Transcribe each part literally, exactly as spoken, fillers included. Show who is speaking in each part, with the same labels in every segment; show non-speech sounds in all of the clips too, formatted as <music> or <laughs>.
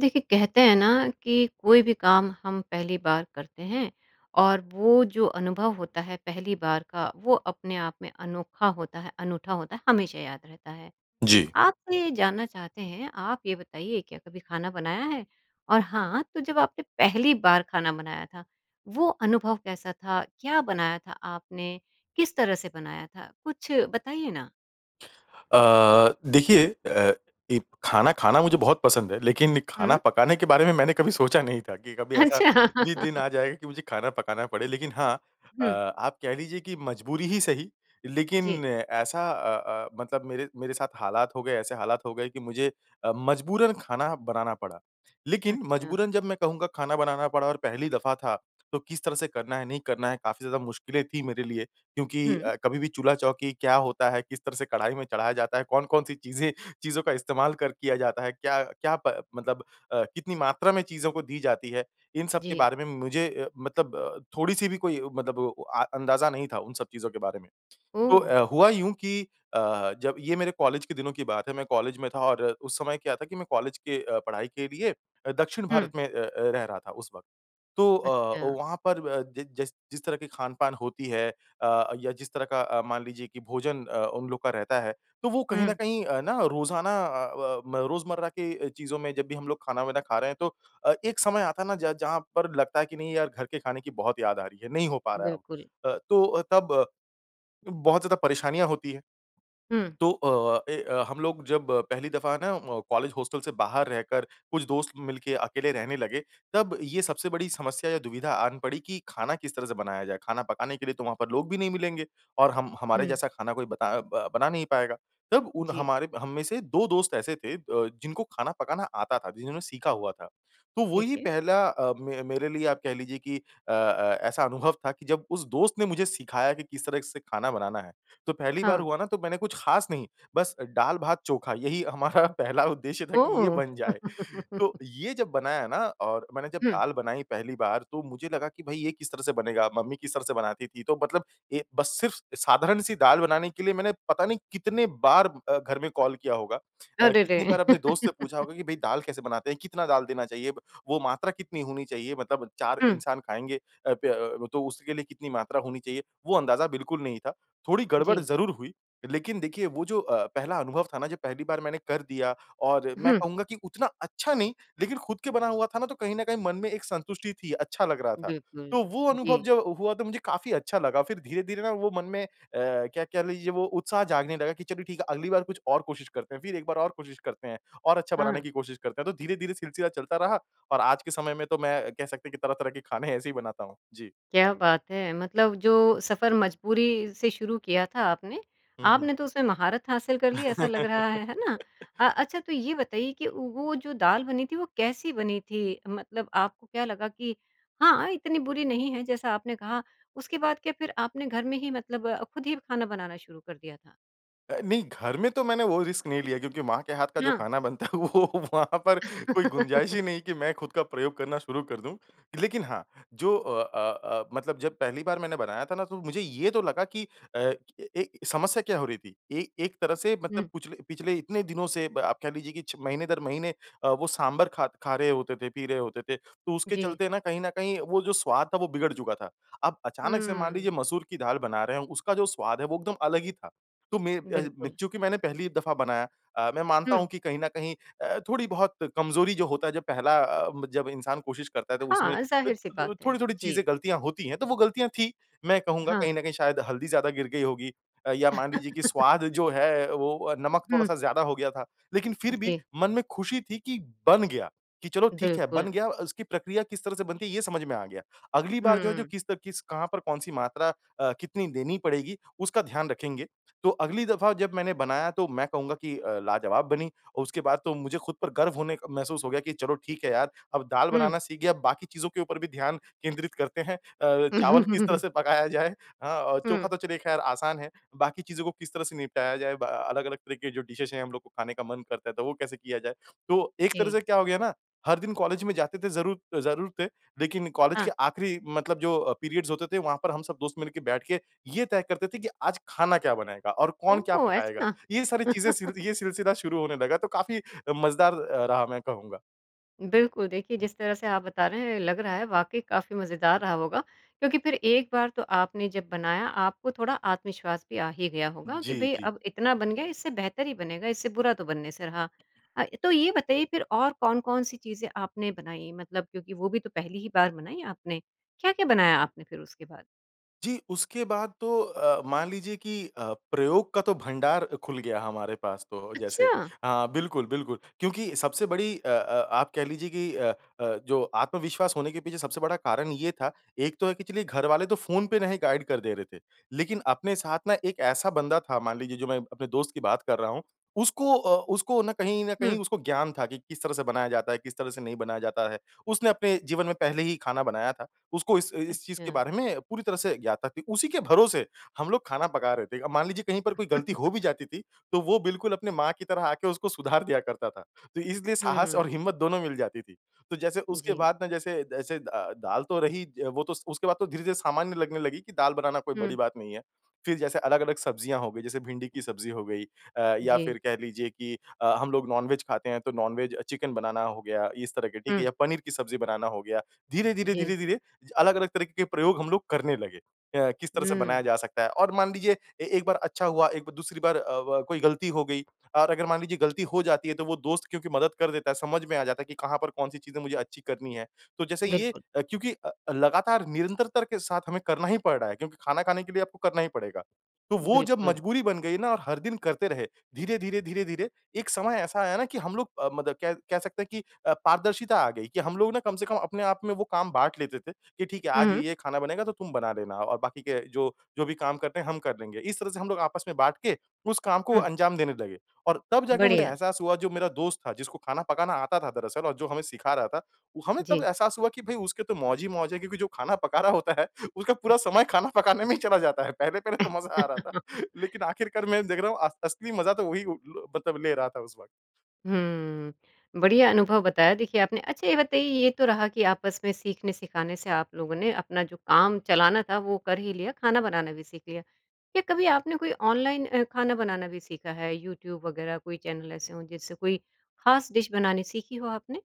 Speaker 1: देखिए, कहते हैं ना कि कोई भी काम हम पहली बार करते हैं और वो जो अनुभव होता है पहली बार का वो अपने आप में अनोखा होता है, अनूठा होता है, हमेशा याद रहता है।
Speaker 2: जी।
Speaker 1: आपने जानना चाहते हैं आप ये बताइए क्या कभी खाना बनाया है? और हाँ, तो जब आपने पहली बार खाना बनाया था वो अनुभव कैसा था? क्या बनाया था आपने? किस तरह से बनाया था? कुछ बताइए ना।
Speaker 2: अ, देखिए अ, ई खाना खाना मुझे बहुत पसंद है। लेकिन खाना
Speaker 1: हुँ।
Speaker 2: पकाने के बारे में मैंने कभी सोचा नहीं था। कि कभी ऐसा भी दिन
Speaker 1: अच्छा। <laughs>
Speaker 2: आ जाए कि मुझे खाना पकाना पड़े। लेकिन हाँ अ,
Speaker 1: हुँ।
Speaker 2: आप कह लीजिए कि मजबूरी ही सही
Speaker 1: जी।
Speaker 2: लेकिन ऐसा अ, अ, मतलब मेरे मेरे साथ हालात हो गए ऐसे हालात हो गए कि मुझे अ, मजबूरन खाना बनाना पड़ा। लेकिन
Speaker 1: अच्छा।
Speaker 2: मजबूरन जब मैं कहूँगा खाना बनाना पड़ा और पहली दफ़ा था तो किस तरह से करना है नहीं करना है काफ़ी ज़्यादा मुश्किलें थी मेरे लिए। क्योंकि
Speaker 1: हुँ।
Speaker 2: अ, कभी भी चूल्हा-चौकी क्या होता है, किस तरह से कढ़ाई में चढ़ाया जाता है, कौन-कौन सी चीज़ें चीज़ों का इस्तेमाल कर किया जाता है, क्या क्या प मतलब अ, कितनी मात्रा में चीज़ों को दी जाती है। इन सब के
Speaker 1: जी।
Speaker 2: बारे में मुझे अ, मतलब थोड़ी-सी भी कोई अ, मतलब वो अ, अंदाजा नहीं था उन सब चीज़ों के बारे में। तो
Speaker 1: ओह!
Speaker 2: अ, हुआ यूँ कि अ, जब ये मेरे कॉलेज के दिनों की बात है। मैं कॉलेज में था और उस समय क्या था कि मैं कॉलेज के अ, पढ़ाई के लिए दक्षिण भारत
Speaker 1: हुँ।
Speaker 2: में अ, अ, रहा था उस वक़्त। तो अ, ओ
Speaker 1: अच्छा।
Speaker 2: वहाँ पर अ, जि जिस जिस तरह की खान-पान होती है अ, या जिस तरह का अ, मान लीजिए कि भोजन अ, उन लोग का रहता है तो वो कहीं
Speaker 1: हुँ।
Speaker 2: न कहीं है ना रोजाना अ, व म, रोजमर्रा के चीज़ों में जब भी हम लोग खाना-वाना खा रहे हैं तो अ, एक समय आता है ना ज जहाँ पर लगता है कि नहीं यार घर के खाने की बहुत याद आ रही है, नहीं हो पा रहा है अब।
Speaker 1: बिल्कुल।
Speaker 2: अ, तो अ, तब बहुत ज़्यादा परेशानियाँ होती है।
Speaker 1: हुँ।
Speaker 2: तो अ, इ अ, हम लोग जब पहली दफ़ा ना वो कॉलेज हॉस्टल से बाहर रहकर कुछ दोस्त मिल के अकेले रहने लगे, तब ये सबसे बड़ी समस्या या दुविधा आन पड़ी कि खाना किस तरह से बनाया जाए? खाना पकाने के लिए तो वहाँ पर लोग भी नहीं मिलेंगे और हम हमारे
Speaker 1: हुँ।
Speaker 2: जैसा खाना कोई बता अ, ब बना नहीं पाएगा। तब उन
Speaker 1: जी।
Speaker 2: हमारे हम में से दो दोस्त ऐसे थे अ, जिनको खाना पकाना आता था, जिन्होंने सीखा हुआ था। तो
Speaker 1: ठीक
Speaker 2: वही
Speaker 1: है।
Speaker 2: पहला अ, मे मेरे लिए आप कह लीजिए कि अ, अ, ऐसा अनुभव था कि जब उस दोस्त ने मुझे सिखाया कि किस तरह से खाना बनाना है। तो पहली बार
Speaker 1: हाँ।
Speaker 2: हुआ ना तो मैंने कुछ खास नहीं बस दाल भात चोखा यही हमारा पहला उद्देश्य था कि ये
Speaker 1: ओह!
Speaker 2: बन जाए। तो
Speaker 1: <laughs>
Speaker 2: ये जब बनाया ना और मैंने जब
Speaker 1: हुँ।
Speaker 2: दाल बनाई पहली बार तो मुझे लगा कि, "भई ये किस तरह से बनेगा, मम्मी किस तरह से बनाती थी?" तो मतलब ये बस सिर्फ़ साधारण सी दाल बनाने के लिए मैंने पता नहीं कितने बार अ, घर में कॉल किया होगा। अ,
Speaker 1: अरे रे!
Speaker 2: कितनी बार अपने दोस्त से पूछा
Speaker 1: <laughs>
Speaker 2: होगा कि, "भई दाल कैसे बनाते हैं? कितना दाल देना चाहिए? वो मात्रा कितनी होनी चाहिए? मतलब चार
Speaker 1: हुँ।
Speaker 2: इंसान खाएँगे अ, प अ, व तो उसके लिए कितनी मात्रा होनी चाहिए?" वो अंदाज़ा बिल्कुल नहीं था। थोड़ी गड़बड़
Speaker 1: जी।
Speaker 2: ज़रूर हुई। लेकिन देखिए वो जो अ, पहला अनुभव था ना जो पहली बार मैंने कर दिया और मैं
Speaker 1: हुँ।
Speaker 2: कहूँगा कि उतना अच्छा नहीं लेकिन खुद के बना हुआ था ना तो कहीं न कहीं मन में एक संतुष्टि थी अच्छा लग रहा था।
Speaker 1: बिल्कुल,
Speaker 2: तो वो अनुभव
Speaker 1: जी।
Speaker 2: जब हुआ तो मुझे काफ़ी अच्छा लगा। फ़िर धीरे, धीरे ना वो मन में अ, क्या कह लीजिए वो उत्साह जागने लगा कि चलो ठीक है अगली बार कुछ और कोशिश करते हैं। फ़िर एक बार और कोशिश करते हैं और अच्छा बनाने
Speaker 1: हाँ।
Speaker 2: की कोशिश करते हैं। तो धीरे, धीरे सिलसिला चलता रहा और आज के समय में तो मैं कह सकते हैं कि तरह-तरह के खाने ऐसे ही बनाता हूँ। जी।
Speaker 1: क्या बात है! मतलब जो सफर मजबूरी से शुरू किया था आपने।
Speaker 2: हुँ, हुँ।
Speaker 1: आपने तो उसमें महारत हासिल कर ली ऐसा लग रहा है, है ना? अ,
Speaker 2: <laughs>
Speaker 1: अच्छा तो ये बताइए कि वो जो दाल बनी थी वो कैसी बनी थी? मतलब आपको क्या लगा कि हाँ, हाँ, इतनी बुरी नहीं है जैसा आपने कहा। उसके बाद क्या फ़िर आपने घर में ही मतलब ख़ुद ही खाना बनाना शुरू कर दिया था?
Speaker 2: अ, नहीं घर में तो मैंने वो रिस्क नहीं लिया क्योंकि माँ के हाथ का जो
Speaker 1: हाँ।
Speaker 2: खाना बनता है वो वहाँ पर कोई गुंजाइश
Speaker 1: <laughs>
Speaker 2: ही नहीं कि मैं खुद का प्रयोग करना शुरू कर दूँ। लेकिन हाँ जो अ, अ, अ, मतलब जब पहली बार मैंने बनाया था ना तो मुझे ये तो लगा कि अ, ए समस्या क्या हो रही थी। ए एक तरह से मतलब
Speaker 1: हुँ।
Speaker 2: पूछले पिछले इतने दिनों से आप कह लीजिए कि छ महीने दर महीने अ, वो सांभर ख खा रहे होते थे, पी रहे होते थे, तो उसके
Speaker 1: जी।
Speaker 2: चलते ना कहीं न कहीं वो जो स्वाद था वो बिगड़ चुका था। अब अचानक से मान
Speaker 1: हुँ।
Speaker 2: लीजिए मसूर की दाल बना रहे हैं उसका जो स्वाद है वो एकदम अलग ही था। तो में अ, मैं
Speaker 1: बिल्कुल।
Speaker 2: चूँकि मैंने पहली दफ़ा बनाया अ, मैं मानता
Speaker 1: हुँ।
Speaker 2: हूँ कि कहीं न कहीं अ, थोड़ी-बहुत कमज़ोरी जो होता है अ, जब पहला अ, जब इंसान कोशिश करता है तो उसमें अ,
Speaker 1: हाँ, ज़ाहिर-सी
Speaker 2: थो
Speaker 1: बात
Speaker 2: थोड़ी,
Speaker 1: है।
Speaker 2: थोड़ी चीज़ें
Speaker 1: जी।
Speaker 2: गलतियाँ होती हैं तो वो गलतियाँ थी। मैं कहूँगा
Speaker 1: हाँ।
Speaker 2: कहीं न कहीं शायद हल्दी ज़्यादा गिर गई होगी अ, या मान लीजिए कि
Speaker 1: <laughs>
Speaker 2: स्वाद जो है वो नमक
Speaker 1: हुँ।
Speaker 2: थोड़ा-सा ज़्यादा हो गया था। लेकिन फ़िर भी
Speaker 1: जी।
Speaker 2: मन में खुशी थी कि बन गया, कि चलो ठीक है
Speaker 1: बिल्कुल।
Speaker 2: बन गया उसकी प्रक्रिया किस तरह से बनती है ये समझ में आ गया। अगली बार जो है जो
Speaker 1: हुँ।
Speaker 2: किस त किस कहाँ पर कौन-सी मात्रा अ, कितनी देनी पड़ेगी उसका ध्यान रखेंगे। तो अगली दफ़ा जब मैंने बनाया तो मैं कहूँगा कि अ, लाजवाब बनी और उसके बाद तो मुझे खुद पर गर्व होने क महसूस हो गया कि चलो ठीक है यार अब दाल
Speaker 1: हुँ।
Speaker 2: बनाना सीख गया बाकी चीज़ों के ऊपर भी ध्यान केंद्रित करते हैं। अ, चावल किस तरह
Speaker 1: <laughs>
Speaker 2: से पकाया जाए। हाँ औ चोखा
Speaker 1: हुँ।
Speaker 2: तो चलिए ख़ैर आसान है। बाकी चीज़ों को किस तरह से निपटाया जाए ब अलग-अलग तरह के जो डिशेज़ है हम लोग को खाने का मन करता है तो वो कैसे किया जाए? तो एक तरह
Speaker 1: जी।
Speaker 2: से क्या हो गया ना हर दिन कॉलेज में जाते थे ज़रू ज़रूर थे लेकिन कॉलेज के
Speaker 1: हाँ।
Speaker 2: आखिरी मतलब जो अ, पीरियड्स होते थे वहाँ पर हम सब दोस्त मिल के बैठ के ये तय करते थे कि आज खाना क्या बनाएगा और कौन क्या
Speaker 1: ओह!
Speaker 2: पकाएगा।
Speaker 1: ऐसा?
Speaker 2: ये सारी चीज़ें सिल
Speaker 1: <chuckles>
Speaker 2: ये सिलसिला शुरू होने लगा तो काफ़ी अ, मजेदार रहा मैं कहूँगा।
Speaker 1: बिल्कुल। देखिए जिस तरह से आप बता रहे हैं लग रहा है वाक़ई काफ़ी मज़ेदार रहा होगा। क्योंकि फ़िर एक बार तो आपने जब बनाया आपको थोड़ा आत्मविश्वास भी आ ही गया होगा कि
Speaker 2: जी,
Speaker 1: भई
Speaker 2: जी।
Speaker 1: अब इतना बन गया इससे बेहतर ही बनेगा इससे बुरा तो बनने से रहा। अ, तो ये बताइए फ़िर और कौन-कौन सी चीज़ें आपने बनाई? मतलब क्योंकि वो भी तो पहली ही बार बनाई आपने। क्या, क्या बनाया आपने फ़िर उसके बाद?
Speaker 2: जी, उसके बाद तो अ, मान लीजिए कि अ, प्रयोग का तो भंडार खुल गया हमारे पास तो जैसे।
Speaker 1: अच्छा!
Speaker 2: हाँ बिल्कुल, बिल्कुल क्योंकि सबसे बड़ी अ, अ, आप कह लीजिए कि अ, अ, जो आत्मविश्वास होने के पीछे सबसे बड़ा कारण ये था एक तो है कि चलिए घरवाले तो फ़ोन पे नहीं गाइड कर दे रहे थे। लेकिन अपने साथ ना एक ऐसा बंदा था मान लीजिए जो मैं अपने दोस्त की बात कर रहा हूँ उसको अ, उसको ना कहीं न
Speaker 1: हुँ।
Speaker 2: कहीं उसको ज्ञान था कि किस तरह से बनाया जाता है, किस तरह से नहीं बनाया जाता है। उसने अपने जीवन में पहले ही खाना बनाया था। उसको इस इस चीज़ के
Speaker 1: अच्छा।
Speaker 2: बारे में पूरी तरह से ज्ञात था। उसी के भरोसे हम लोग खाना पका रहे थे। अब मान लीजिए कहीं पर कोई गलती हो भी
Speaker 1: <chuckles>
Speaker 2: जाती थी तो वो बिल्कुल अपनी माँ की तरह आके उसको सुधार दिया करता था। तो इसलिए साहस और
Speaker 1: हम्म।
Speaker 2: हिम्मत दोनों मिल जाती थी। तो जैसे उसके
Speaker 1: जी।
Speaker 2: बाद ना जैसे जैसे द दाल तो रही वो तो स उसके बाद तो धीरे-धीरे सामान्य लगने लगी कि दाल बनाना कोई बड़ी
Speaker 1: हुँ।
Speaker 2: बात नहीं है। फ़िर जैसे अलग, अलग सब्जियाँ हो गई जैसे भिंडी की सब्ज़ी हो गई अ, या
Speaker 1: जी।
Speaker 2: फ़िर कह लीजिए कि अ, हम लोग नॉन वेज खाते हैं तो नॉन वेज चिकन बनाना हो गया इस तरह के ठीक है
Speaker 1: हुँ।
Speaker 2: या पनीर की सब्ज़ी बनाना हो गया। धीरे, धीरे,
Speaker 1: जी।
Speaker 2: धीरे, धीरे अलग, अलग तरीके के प्रयोग हम लोग करने लगे। अ, किस तरह से
Speaker 1: हम्म।
Speaker 2: बनाया जा सकता है और मान लीजिए ए एक बार अच्छा हुआ, एक ब दूसरी बार अ, व कोई गलती हो गई। और अगर मान लीजिए गलती हो जाती है तो वो दोस्त क्योंकि मदद कर देता है समझ में आ जाता है कि कहाँ पर कौन-सी चीज़ें मुझे अच्छी करनी है। तो जैसे ये
Speaker 1: बिल्कुल।
Speaker 2: अ, क्योंकि अ, लगातार निरंतरता के साथ हमें करना ही पड़ रहा है क्योंकि खाना खाने के लिए आपको करना ही पड़ेगा। तो वो जब
Speaker 1: बिल्कुल।
Speaker 2: मजबूरी बन गई ना और हर दिन करते रहे। धीरे, धीरे, धीरे, धीरे एक समय ऐसा आया ना कि हम लोग अ, मतलब कह कह सकते हैं कि अ, पारदर्शिता आ गई कि हम लोग ना कम से कम अपने आप में वो काम बाँट लेते थे कि ठीक है आज
Speaker 1: हुँ।
Speaker 2: ये-ये खाना बनेगा तो तुम बना लेना। और बाकी के जो जो भी काम करने हैं हम कर लेंगे। इस तरह से हम लोग आपस में बाँट के उस काम को
Speaker 1: हुँ।
Speaker 2: अंजाम देने लगे। और तब जाके मुझे
Speaker 1: बढ़िया।
Speaker 2: एहसास हुआ जो मेरा दोस्त था जिसको खाना पकाना आता था दरअसल और जो हमें सिखा रहा था हमें तब
Speaker 1: जी।
Speaker 2: एहसास हुआ कि भई उसके तो मौज ही मौज है क्योंकि जो खाना पका रहा होता है उसका पूरा समय
Speaker 1: <chuckles>
Speaker 2: खाना पकाने में ही चला जाता है। पहले-पहले तो मज़ा आ रहा था।
Speaker 1: <laughs>
Speaker 2: लेकिन आखिरकार मैं देख रहा हूँ अ असली मज़ा तो वही उ, लो मतलब ले रहा था उस वक़्त।
Speaker 1: हम्म। बढ़िया अनुभव बताया देखिए आपने। अच्छा ये बताइए ये तो रहा कि आपस में सीखने-सिखाने से आप लोगों ने अपना जो काम चलाना था वो कर ही लिया खाना बनाना भी सीख लिया। क्या कभी आपने कोई ऑनलाइन अ, खाना बनाना भी सीखा है? यूट्यूब वग़ैरह कोई चैनल ऐसे हो जिससे कोई खास डिश बनानी सीखी हो आपने?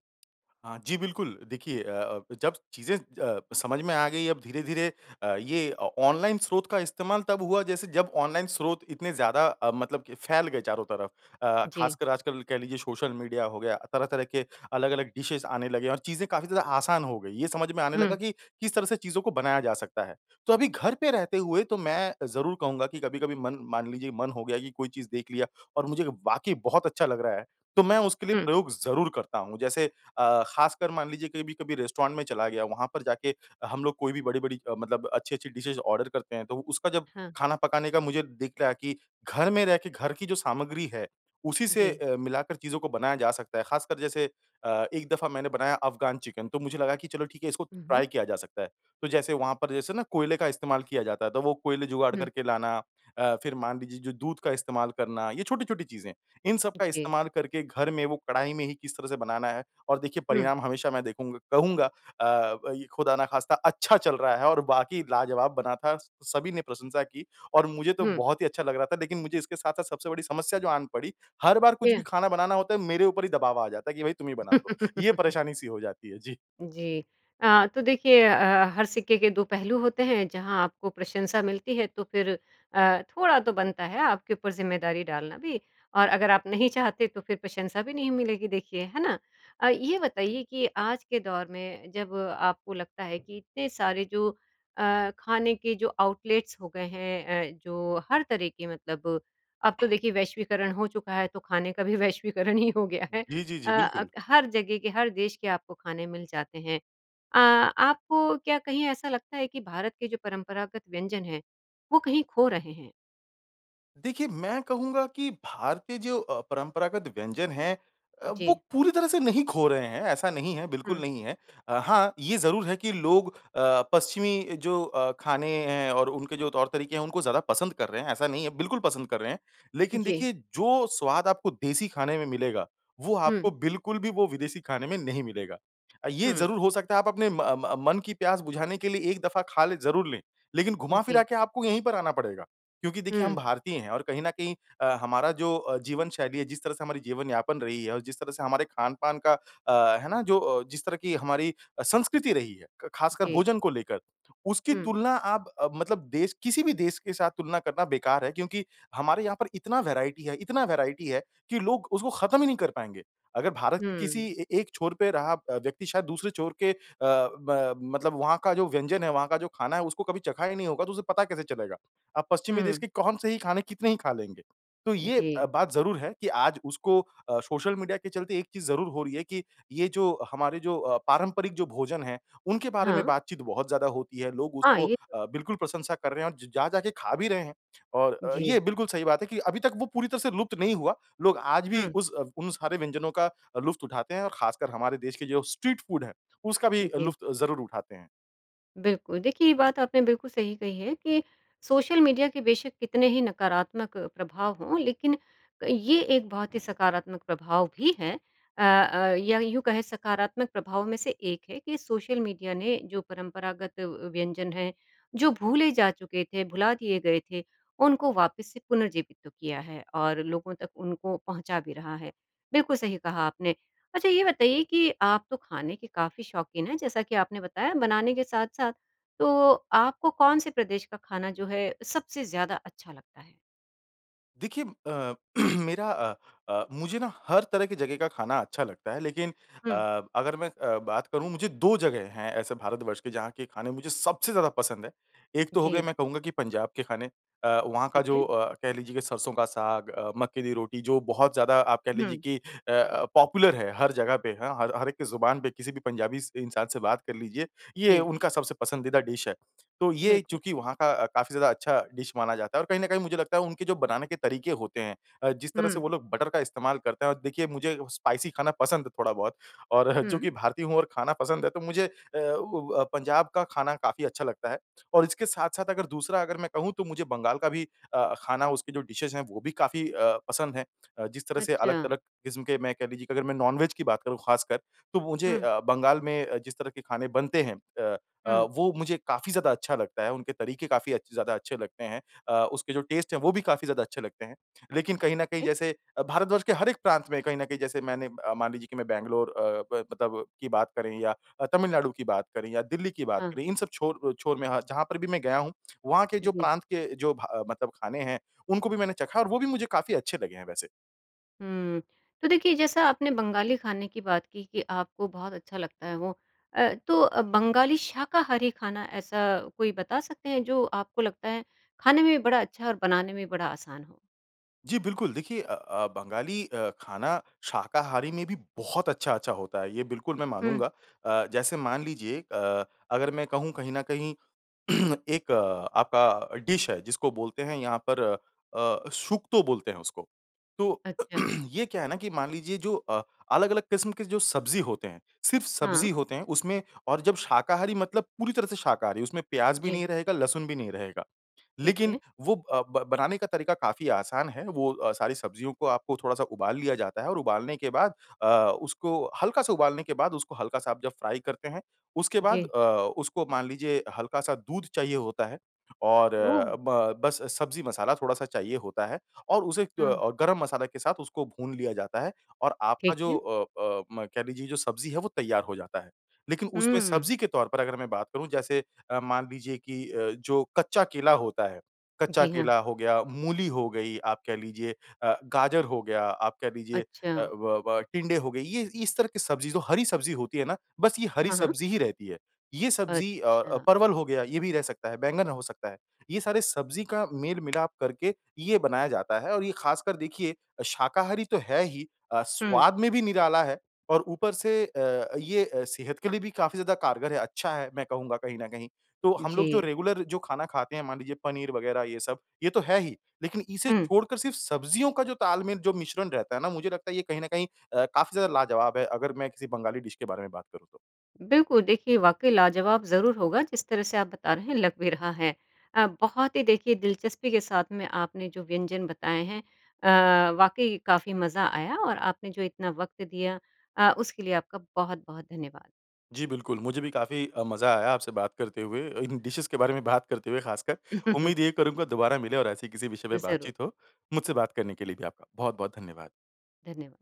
Speaker 2: हाँ जी बिल्कुल। देखिए अ अब जब चीज़ें अ, समझ में आ गई अब धीरे, धीरे अ, ये ऑ ऑनलाइन स्रोत का इस्तेमाल तब हुआ जैसे जब ऑनलाइन स्रोत इतने ज़्यादा अ, मतलब फैल गए चारों तरफ। अ,
Speaker 1: जी।
Speaker 2: खासकर आजकल कह लीजिए सोशल मीडिया हो गया, तरह-तरह के अलग-अलग डिशेज़ आने लगे और चीज़ें काफ़ी ज़्यादा आसान हो गई। ये समझ में आने लगा
Speaker 1: हुँ।
Speaker 2: कि किस तरह से चीज़ों को बनाया जा सकता है। तो अभी घर पे रहते हुए तो मैं ज़रूर कहूँगा कि कभी-कभी मन मान लीजिए मन हो गया कि कोई चीज़ देख लिया और मुझे वाक़ई बहुत अच्छा लग रहा है तो मैं उसके लिए
Speaker 1: हुँ।
Speaker 2: प्रयोग ज़रूर करता हूँ। जैसे अ, खासकर मान लीजिए कभी, कभी रेस्टोरेंट में चला गया वहाँ पर जाके हम लोग कोई भी बड़ी, बड़ी मतलब अच्छी, अच्छी डिशेज़ ऑर्डर करते हैं तो उसका जब
Speaker 1: हाँ।
Speaker 2: खाना पकाने का मुझे दिख रहा कि घर में रह के घर की जो सामग्री है उसी से
Speaker 1: जी।
Speaker 2: अ, मिलाकर चीज़ों को बनाया जा सकता है। खासकर जैसे अ, एक दफ़ा मैंने बनाया अफ़गान चिकन तो मुझे लगा कि चलो ठीक है इसको
Speaker 1: हुँ, हुँ।
Speaker 2: ट्राई किया जा सकता है। तो जैसे वहाँ पर जैसे ना कोयले का इस्तेमाल किया जाता है। तो वो कोयले जुगाड़
Speaker 1: हुँ।
Speaker 2: करके लाना अ, फ़िर मान लीजिए जो दूध का इस्तेमाल करना ये छोटी-छोटी चीज़ें। इन सब का
Speaker 1: जी।
Speaker 2: इस्तेमाल करके घर में वो कढ़ाई में ही किस तरह से बनाना है और देखिए
Speaker 1: हुँ।
Speaker 2: परिणाम हमेशा मैं देखूँगा कहूँगा अ, वई खुदा न ख़ास्ता अच्छा चल रहा है और बाकी लाजवाब बना था। सभी ने प्रशंसा की और मुझे तो
Speaker 1: हुँ।
Speaker 2: बहुत ही अच्छा लग रहा था लेकिन मुझे इसके साथ, साथ सबसे बड़ी समस्या जो आन पड़ी हर बार कुछ भी
Speaker 1: क्या?
Speaker 2: खाना बनाना होता है मेरे ऊपर ही दबाव आ जाता है कि भई तुम ही बना लो। ये
Speaker 1: <laughs>
Speaker 2: परेशानी सी हो जाती है। जी।
Speaker 1: जी। अ, तो देखिए अ, अ, हर सिक्के के दो पहलू होते हैं। जहाँ आपको प्रशंसा मिलती है तो फ़िर अ, थोड़ा तो बनता है आपके ऊपर ज़िम्मेदारी डालना भी और अगर आप नहीं चाहते तो फ़िर प्रशंसा भी नहीं मिलेगी देखिए, है ना? अ, ये बताइए कि आज के दौर में जब आपको लगता है कि इतने सारे जो अ, खाने के जो आउटलेट्स हो गए हैं अ, जो हर तरह के मतलब अब तो देखिए वैश्वीकरण हो चुका है तो खाने का भी वैश्वीकरण ही हो गया है।
Speaker 2: जी, जी, जी
Speaker 1: अ, अ,
Speaker 2: बिल्कुल।
Speaker 1: हर जगह के हर देश के आपको खाने मिल जाते हैं। अ, आपको क्या कहीं ऐसा लगता है कि भारत के जो परंपरागत व्यंजन हैं वो कहीं खो रहे हैं?
Speaker 2: देखिए मैं कहूँगा कि भारतीय जो अ, परंपरागत व्यंजन है अ, वो
Speaker 1: जी।
Speaker 2: पूरी तरह से नहीं खो रहे हैं ऐसा नहीं है बिल्कुल
Speaker 1: हुँ।
Speaker 2: नहीं है। अ, हाँ ये ज़रूर है कि लोग अ, पश्चिमी जो अ, खाने हैं और उनके जो तौर तरीके है उनको ज़्यादा पसंद कर रहे हैं। ऐसा नहीं है, बिल्कुल पसंद कर रहे हैं। लेकिन
Speaker 1: जी।
Speaker 2: देखिए, जो स्वाद आपको देसी खाने में मिलेगा, वो
Speaker 1: हुँ।
Speaker 2: आपको बिल्कुल भी वो विदेशी खाने में नहीं मिलेगा। अ, ये
Speaker 1: हुँ।
Speaker 2: ज़रूर हो सकता है आप अपने म म मन की प्यास बुझाने के लिए एक दफ़ा खा लें ज़रूर ले। लेकिन घुमा-फिरा
Speaker 1: जी।
Speaker 2: के आपको यहीं पर आना पड़ेगा। क्योंकि देखिए हम
Speaker 1: हुँ।
Speaker 2: भारतीय हैं और कहीं न कहीं अ, हमारा जो अ, जीवन शैली है जिस तरह से हमारी जीवन यापन रही है और जिस तरह से हमारे खान-पान का अ, है ना? जो अ, जिस तरह की हमारी अ, संस्कृति रही है। क खासकर
Speaker 1: जी।
Speaker 2: भोजन को लेकर, उसकी
Speaker 1: हुँ।
Speaker 2: तुलना आप अ, मतलब देश किसी भी देश के साथ तुलना करना बेकार है। क्योंकि हमारे यहाँ पर इतना वैरायटी है, इतना वैरायटी है कि लोग उसको खत्म ही नहीं कर पाएँगे। अगर भारत के किसी
Speaker 1: हुँ।
Speaker 2: ए एक छोर पे रहा व्यक्ति शायद दूसरे छोर के अ, ब मतलब वहाँ का जो व्यंजन है वहाँ का जो खाना है उसको कभी चखा ही नहीं होगा तो उसे पता कैसे चलेगा? आप पश्चिमी देश
Speaker 1: हुँ।
Speaker 2: के कौन से ही खाने कितने ही खा लेंगे? तो ये अ,
Speaker 1: जी।
Speaker 2: बात ज़रूर है कि आज उसको अ, सोशल मीडिया के चलते एक चीज़ ज़रूर हो रही है कि ये जो हमारे जो अ, पारंपरिक जो भोजन है उनके बारे में
Speaker 1: हाँ।
Speaker 2: बातचीत बहुत ज़्यादा होती है। लोग
Speaker 1: हाँ,
Speaker 2: उसको
Speaker 1: ये तो।
Speaker 2: अ, बिल्कुल प्रशंसा कर रहे हैं और ज जा के खा भी रहे हैं। और अ, ये
Speaker 1: जी।
Speaker 2: बिल्कुल सही बात है कि अभी तक वो पूरी तरह से लुप्त नहीं हुआ। लोग आज भी
Speaker 1: हुँ।
Speaker 2: उस अव उन सारे व्यंजनों का लुफ़्त उठाते हैं और खासकर हमारे देश के जो स्ट्रीट फ़ूड है उसका भी
Speaker 1: जी।
Speaker 2: लुफ़्त ज़रूर उठाते हैं।
Speaker 1: बिल्कुल। देखिए, ये बात आपने बिल्कुल सही कही है कि सोशल मीडिया के बेशक कितने ही नकारात्मक प्रभाव हों लेकिन अ, ये एक बहुत ही सकारात्मक प्रभाव भी है। अ, अ, या यूँ कहे सकारात्मक प्रभाव में से एक है कि सोशल मीडिया ने जो परंपरागत अ, व्यंजन हैं, जो भूले जा चुके थे, भुला दिए गए थे, उनको वापस से पुनर्जीवित तो किया है और लोगों तक उनको पहुँचा भी रहा है। बिल्कुल सही कहा आपने। अच्छा ये बताइए कि आप तो खाने के काफ़ी शौकीन हैं, जैसा कि आपने बताया बनाने के साथ-साथ, तो आपको कौन से प्रदेश का खाना जो है अ, सबसे ज़्यादा अच्छा लगता है?
Speaker 2: देखिए अ, <clears throat> मेरा अ, अ, मुझे ना हर तरह की जगह का खाना अच्छा लगता है, लेकिन
Speaker 1: हुँ।
Speaker 2: अ, अगर मैं अ, बात करूँ, मुझे दो जगह हैं ऐसे भारतवर्ष के जहाँ के खाने मुझे सबसे ज़्यादा पसंद है। एक तो हो गया
Speaker 1: जी।
Speaker 2: मैं कहूँगा कि पंजाब के खाने। अ, वहाँ का
Speaker 1: ठीक
Speaker 2: जो
Speaker 1: है।
Speaker 2: अ, कह लीजिए कि सरसों का साग अ, मक्के दी रोटी जो बहुत ज़्यादा आप कह लीजिए
Speaker 1: हुँ।
Speaker 2: कि अ, अ, पॉपुलर है हर जगह पे, हाँ, हर हर एक की ज़ुबान पे, किसी भी पंजाबी स इंसान से बात कर लीजिए, ये
Speaker 1: जी।
Speaker 2: उनका सबसे पसंदीदा डिश है। तो ये
Speaker 1: बिल्कुल।
Speaker 2: चूँकि वहाँ का अ, काफ़ी ज़्यादा अच्छा डिश माना जाता है और कहीं न कहीं मुझे लगता है उनके जो बनाने के तरीके होते हैं अ, जिस तरह से
Speaker 1: हुँ।
Speaker 2: वो लोग बटर का इस्तेमाल करते हैं और देखिए, मुझे स्पाइसी खाना पसंद है थोड़ा-बहुत और <chuckles>
Speaker 1: हुँ।
Speaker 2: चूँकि भारतीय हूँ और खाना पसंद है तो मुझे अ, व व पंजाब का खाना काफ़ी अच्छा लगता है। और इसके साथ-साथ अगर दूसरा अगर मैं कहूँ, तो मुझे बंगाल का भी अ, खाना उसकी जो डिशेज़ हैं, वो भी काफ़ी अ, पसंद हैं। अ, जिस तरह से
Speaker 1: अच्छा।
Speaker 2: अलग-तलग किस्म के मैं कह लीजिए कि अगर मैं नॉन-वेज की बात करूँ खासकर, तो मुझे
Speaker 1: हुँ।
Speaker 2: अ, बंगाल में अ, जिस तरह के खाने बनते हैं अ, अ,
Speaker 1: हुँ।
Speaker 2: वो मुझे काफ़ी ज़्यादा अच्छा लगता है। उनके तरीके काफ़ी अच्छे ज़्यादा अच्छे लगते हैं। अ, उसके जो टेस्ट हैं, वो भी काफ़ी ज़्यादा अच्छे लगते हैं। लेकिन कहीं न
Speaker 1: ठीक
Speaker 2: कहीं
Speaker 1: है।
Speaker 2: जैसे अ, भारतवर्ष के हर एक प्रांत में कहीं न कहीं जैसे मैंने अ, मान लीजिए कि मैं बैंगलोर अ, ब मतलब की बात करें या अ, तमिलनाडु की बात करें या दिल्ली की बात
Speaker 1: हाँ।
Speaker 2: करें, इन सब छोर अ, छोर में हाँ, जहाँ पर भी मैं गया हूँ, वहाँ के जो
Speaker 1: जी।
Speaker 2: प्रांत के जो भा मतलब खाने हैं, उनको भी मैंने चखा और वो भी मुझे काफ़ी अच्छे लगे हैं वैसे।
Speaker 1: हुँ, तो देखिए जैसा आपने बंगाली खाने की बात की कि आपको बहुत अच्छा लगता है वो। अ, तो अ, बंगाली शाकाहारी खाना ऐसा कोई बता सकते हैं। जो आपको लगता है खाने में भी बड़ा अच्छा और बनाने में भी बड़ा आसान हो?
Speaker 2: जी बिल्कुल देखिए अ, अ, बंगाली अ, खाना शाकाहारी में भी बहुत अच्छा, अच्छा होता है ये बिल्कुल मैं
Speaker 1: हुँ।
Speaker 2: मानूँगा। अ, जैसे मान लीजिए अ, अगर मैं कहूँ कहीं न कहीं <clears throat> एक आपका डिश है जिसको बोलते हैं यहाँ पर अ, शुक्तो बोलते हैं उसको। तो
Speaker 1: अच्छा।
Speaker 2: <clears throat> ये क्या है ना कि मान लीजिए जो अ, अलग-अलग किस्म के जो सब्ज़ी होते हैं सिर्फ़
Speaker 1: हाँ।
Speaker 2: सब्ज़ी होते हैं उसमें और जब शाकाहारी मतलब पूरी तरह से शाकाहारी उसमें प्याज़ भी
Speaker 1: जी।
Speaker 2: नहीं रहेगा, लहसुन भी नहीं रहेगा।
Speaker 1: ठीक
Speaker 2: लेकिन
Speaker 1: है।
Speaker 2: वो अ, ब बनाने का तरीका काफ़ी आसान है वो अ, सारी सब्ज़ियों को आपको थोड़ा-सा उबाल लिया जाता है और उबालने के बाद अ, उसको हल्का सा उबालने के बाद उसको हल्का-सा आप जब फ्राई करते हैं। उसके बाद
Speaker 1: जी।
Speaker 2: अ, उसको मान लीजिए हल्का-सा दूध चाहिए होता है और
Speaker 1: ओह!
Speaker 2: ब बस सब्ज़ी मसाला थोड़ा-सा चाहिए होता है और उसे अ,
Speaker 1: हाँ।
Speaker 2: गरम मसाला के साथ उसको भून लिया जाता है। और आपका
Speaker 1: ठीक
Speaker 2: जो
Speaker 1: है।
Speaker 2: अ, अ, म कह लीजिए जो सब्ज़ी है वो तैयार हो जाता है। लेकिन उसमें
Speaker 1: हुँ।
Speaker 2: सब्ज़ी के तौर पर अगर मैं बात करूँ जैसे अ, मान लीजिए कि अ, जो कच्चा केला होता है, कच्चा
Speaker 1: जी हाँ।
Speaker 2: केला हो गया, मूली हो गई आप कह लीजिए अ, गाजर हो गया आप कह लीजिए अ,
Speaker 1: अच्छा।
Speaker 2: व व टिंडे हो गई। ये ये इस तरह की सब्ज़ी जो हरी सब्ज़ी होती है ना? बस ये हरी
Speaker 1: हाँ, हाँ।
Speaker 2: सब्ज़ी ही रहती है। ये सब्ज़ी अ, अ,
Speaker 1: अच्छा।
Speaker 2: परवल हो गया ये भी रह सकता है। बैंगन हो सकता है, ये सारे सब्ज़ी का मेल-मिलाप करके ये बनाया जाता है और ये ख़ासकर देखिए शाकाहारी तो है ही अ,
Speaker 1: हुँ।
Speaker 2: स्वाद में भी निराला है और ऊपर से अ, ये अ, सेहत के लिए भी काफ़ी ज़्यादा कारगर है। अच्छा है मैं कहूँगा कहीं न कही। तो हम लोग जो
Speaker 1: जी।
Speaker 2: रेगुलर जो खाना खाते हैं मान लीजिए पनीर वग़ैरह ये सब, ये तो है ही। लेकिन इसे
Speaker 1: हुँ।
Speaker 2: छोड़कर सिर्फ़ सब्ज़ियों का जो ताल-मेल जो मिश्रण रहता है ना मुझे लगता है ये कहीं न कहीं अ, काफ़ी ज़्यादा लाजवाब है। अगर मैं किसी बंगाली डिश के बारे में बात करूँ तो।
Speaker 1: बिल्कुल देखिए, वाक़ई लाजवाब ज़रूर होगा। जिस तरह से आप बता रहे हैं लग भी रहा है। अ, बहुत ही देखिए दिलचस्पी के साथ में आपने जो व्यंजन बताए हैं अ, वाक़ई काफ़ी मज़ा आया और आपने जो इतना वक़्त दिया अ, उसके लिए आपका बहुत-बहुत धन्यवाद!
Speaker 2: जी बिल्कुल। मुझे भी काफ़ी अ, मज़ा आया आपसे बात करते हुए इन डिशेज़ के बारे में बात करते हुए ख़ासकर।
Speaker 1: <chuckles>
Speaker 2: उम्मीद यही करूँगा दोबारा मिले और ऐसे किसी विषय पे
Speaker 1: ज़रूर।
Speaker 2: बातचीत हो। मुझसे बात करने के लिए भी आपका बहुत-बहुत धन्यवाद!
Speaker 1: धन्यवाद!